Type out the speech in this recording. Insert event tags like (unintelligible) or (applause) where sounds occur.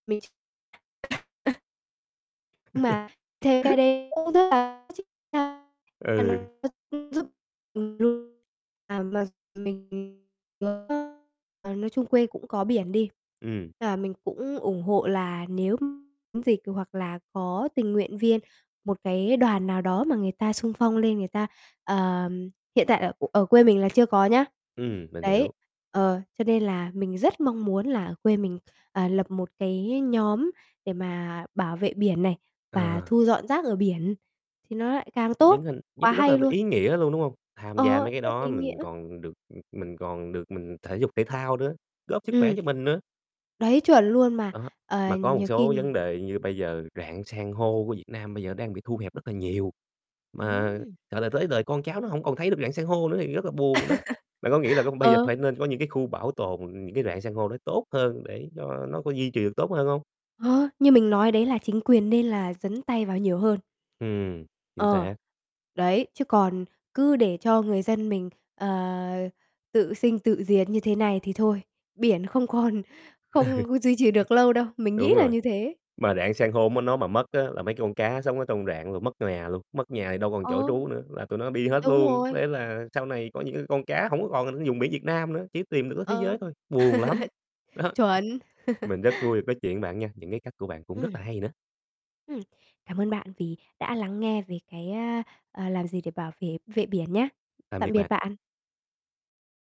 Mình (unintelligible) Nhưng (laughs) mà theo cái đấy cũ rất là có chức năng Ừ. thành (unintelligible) giúp (unintelligible) à, mà mình (unintelligible) à, nói chung quê cũng có biển đi, Ừm. là mình cũng ủng hộ là nếu (unintelligible) dịch hoặc là có tình nguyện viên, một cái đoàn nào đó mà người ta xung phong lên người ta ờ, hiện tại ở (unintelligible) ở quê mình là chưa có nhá. Ừm, mình Đấy, hiểu. ờ, cho nên là mình rất mong muốn là quê mình, à, lập một cái nhóm để mà bảo vệ biển này, và Ờ. thu dọn rác ở biển, thì nó lại càng Những tốt, hình nhất quá rất là hay luôn. ý nghĩa luôn, đúng hông? Tham gia Ờ, mấy cái rất đó ý nghĩa. mình còn được mình còn được mình thể dục thể thao nữa, góp sức khỏe Ừm, cho mình nữa. đấy, chuẩn luôn, mà, Đó, ờ, mà có một nhiều khi số vấn đề như bây giờ rạn san hô của Việt Nam bây giờ đang bị thu hẹp rất là nhiều, mà, Ừm. gọi là, tới đời con cháu nó hông còn thấy được rạn san hô nữa thì rất là buồn đó. Bạn có nghĩ là cái (laughs) con bây giờ Ờ. phải nên có những cái khu bảo tồn những cái rạn san hô nó tốt hơn để cho nó có duy trì được tốt hơn hông? Ờ, như mình nói đấy là chính quyền nên là dấn tay vào nhiều hơn. Ừm, chính Ờ, xác. đấy, chứ còn cứ để cho người dân mình, ờ, tự sinh, tự diệt như thế này thì thôi, biển không còn Ừ. không duy trì được lâu đâu, mình nghĩ Đúng là rồi, như thế. mà rạn san hôm m nó mà mất á là mấy cái con cá sống ở trong rạn rồi mất nhà luôn, mất nhà thì đâu còn chỗ Ờ. trú nữa, là tụi nó đi hết Đúng luôn. rồi. Thế là sau này có những cái con cá hổng có còn (unintelligible) vùng biển Việt Nam nữa, chỉ tìm được ở thế giới Ờ. thôi, buồn lắm, đó. (laughs) Chuẩn. (laughs) Mình rất vui được nói chuyện bạn nha, những cái cách của bạn cũng rất Ừm. là hay nữa. Ừm, cảm ơn bạn vì đã lắng nghe về cái, a, à, làm gì để bảo vệ vệ biển nhá. Tạm Tạm biệt biệt bạn. bạn.